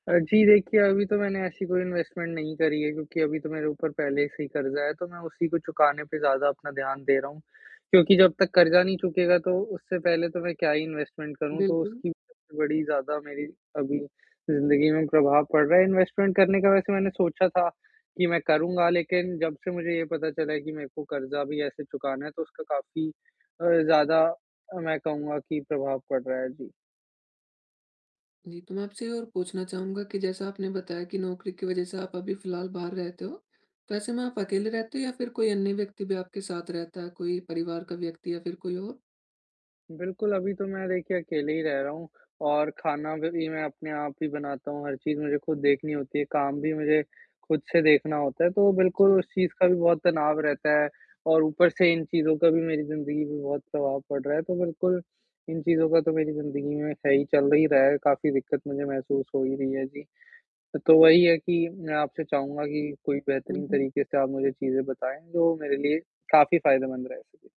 अ, जी, देखिए, अभी तो मैंने ऐसी कोई इन्वेस्टमेंट नहीं करी है, क्योंकि अभी तो मेरे ऊपर पहले से ही कर्ज़ा है तो मैं उसी को चुकाने पर ज़्यादा अपना ध्यान दे रहा हूँ। क्योंकि जब तक कर्ज़ा नहीं चुकेगा तो उससे पहले तो मैं क्या ही इन्वेस्टमेंट करूँ, तो बिल्कुल। उसकी बड़ी ज़्यादा मेरी अभी ज़िंदगी में भी प्रभाव पड़ रहा है, इन्वेस्टमेंट करने का वैसे मैंने सोचा था, कि मैं करूँगा लेकिन जब से मुझे ये पता चला है कि मेरे को कर्ज़ा भी ऐसे चुकाना है तो उसका काफ़ी अ, ज़्यादा अ, मैं कहूँगा कि प्रभाव पड़ रहा है। जी। जी, तो मैं आपसे ये और पूछना चाहूँगा कि जैसा आपने बताया कि नौकरी की वज़ह से आप अभी फिलहाल बाहर रहते हो, तो ऐसे में आप अकेले रहते हो या फिर कोई अन्य व्यक्ति भी आपके साथ रहता है, कोई परिवार का व्यक्ति या फिर कोई और? बिल्कुल, अभी तो मैं देखिए अकेले ही रह रहा हूँ और खाना भ भी मैं अपने आप ही बनाता हूँ, हर चीज़ मुझे खुद देखनी होती है, काम भी मुझे खुद से देखना होता है, तो बिल्कुल अच्छा। उस चीज़ का भी बहुत तनाव रहता है। और ऊपर से इन चीज़ों का भी मेरी ज़िंदगी में बहुत प्रभाव पड़ रहा है, तो बिल्कुल इन चीज़ का तो मेरी ज़िंदगी में सही चल नहीं रहा है, काफ़ी दिक्कत मुझे महसूस हो ही रही है, जी। तो वही है कि मैं आपसे चाहूँगा कि कोई हुँ, बेहतरीन हुँ। तरीके से आप मुझे चीज़ें बताएँ, जो मेरे लिए काफ़ी फ़ायदेमंद रह सके?